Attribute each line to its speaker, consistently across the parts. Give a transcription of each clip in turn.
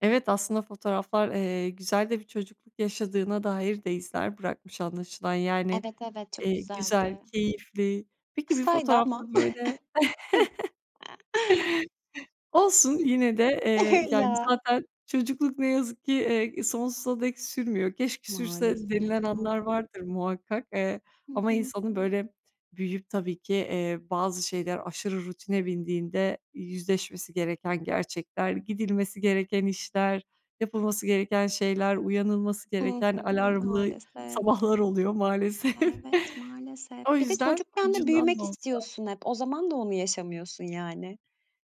Speaker 1: Evet, aslında fotoğraflar, eee, güzel de bir çocukluk yaşadığına dair de izler bırakmış anlaşılan. Yani,
Speaker 2: Evet, evet, çok
Speaker 1: eee, güzel,
Speaker 2: güzeldi.
Speaker 1: keyifli. Peki bir
Speaker 2: Kısaydı
Speaker 1: fotoğraf da
Speaker 2: ama.
Speaker 1: böyle
Speaker 2: Hı.
Speaker 1: Olsun
Speaker 2: Hıh.
Speaker 1: yine de, eee, yani,
Speaker 2: Ya!
Speaker 1: zaten çocukluk ne yazık ki, eee, sonsuza dek sürmüyor. "Keşke sürse"
Speaker 2: Maalesef
Speaker 1: denilen
Speaker 2: ya.
Speaker 1: anlar vardır muhakkak, eee,
Speaker 2: Hı
Speaker 1: ama
Speaker 2: hı.
Speaker 1: insanın, böyle, büyüyüp tabii ki, eee, bazı şeyler aşırı rutine bindiğinde yüzleşmesi gereken gerçekler, gidilmesi gereken işler, yapılması gereken şeyler, uyanılması
Speaker 2: I
Speaker 1: gereken
Speaker 2: hı.
Speaker 1: alarmlı
Speaker 2: Maalesef.
Speaker 1: sabahlar oluyor maalesef.
Speaker 2: Evet, maalesef.
Speaker 1: O
Speaker 2: Bir de
Speaker 1: yüzden
Speaker 2: çocukken de
Speaker 1: ucundan
Speaker 2: büyümek
Speaker 1: da olsa
Speaker 2: istiyorsun hep. O zaman da onu yaşamıyorsun yani.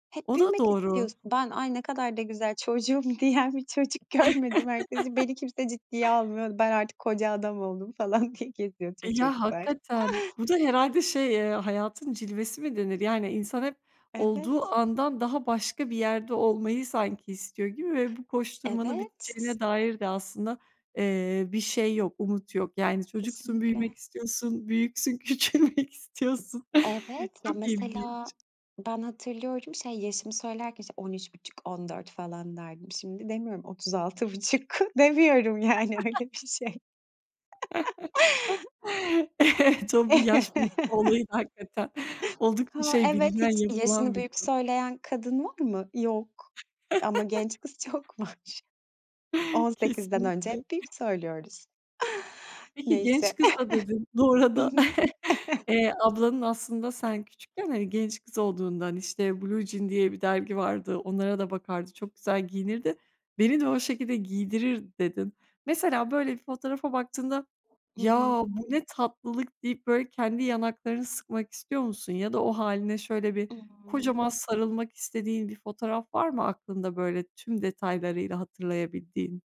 Speaker 2: Hep
Speaker 1: O da
Speaker 2: büyümek
Speaker 1: doğru.
Speaker 2: istiyorsun. Ben, "Ay, ne kadar da güzel çocuğum." diyen bir çocuk görmedim herkesi. "Beni kimse ciddiye almıyordu. Ben artık koca adam oldum." falan diye geziyor tüm
Speaker 1: E, ya
Speaker 2: çocuklar.
Speaker 1: hakikaten bu da herhâlde şey, eee, "hayatın cilvesi" mi denir? Yani, insan hep olduğu
Speaker 2: Evet.
Speaker 1: andan daha başka bir yerde olmayı sanki istiyor gibi ve bu koşturmanın
Speaker 2: Evet. T t
Speaker 1: biteceğine dair de aslında, eee, bir şey yok, umut yok. Yani, çocuksun, büyümek
Speaker 2: Kesinlikle.
Speaker 1: istiyorsun, büyüksün, küçülmek istiyorsun.
Speaker 2: Evet, ya
Speaker 1: Çok
Speaker 2: mesela
Speaker 1: ilginç.
Speaker 2: ben hatırlıyorum şey, yaşımı söylerken, işte, 13.5- 14 falan derdim. Şimdi demiyorum, 36,5 Demiyorum, yani, öyle bir şey.
Speaker 1: Evet, 1 yaş büyük bir olaydı hakikaten. Oldukça
Speaker 2: Ha,
Speaker 1: şey
Speaker 2: evet,
Speaker 1: bilinen,
Speaker 2: hiç
Speaker 1: yapılan
Speaker 2: yaşını
Speaker 1: bir
Speaker 2: büyük
Speaker 1: durum.
Speaker 2: söyleyen kadın var mı? Yok. Ama genç kız çok var. 18'den önce
Speaker 1: Kesinlikle.
Speaker 2: hep büyük söylüyoruz.
Speaker 1: Peki, genç
Speaker 2: Neyse.
Speaker 1: kız da dedin bu
Speaker 2: Hı
Speaker 1: arada.
Speaker 2: hı.
Speaker 1: Eee, ablanın aslında sen küçükken, hani, genç kız olduğundan, işte, "Blue Jean diye bir dergi vardı. Onlara da bakardı, çok güzel giyinirdi. Beni de o şekilde giydirirdi." dedin. Mesela böyle bir fotoğrafa baktığında,
Speaker 2: Hı hı.
Speaker 1: "Ya, bu ne tatlılık?" deyip böyle kendi yanaklarını sıkmak istiyor musun? Ya da o hâline şöyle bir
Speaker 2: Imm.
Speaker 1: kocaman sarılmak istediğin bir fotoğraf var mı aklında, böyle, tüm detaylarıyla hatırlayabildiğin?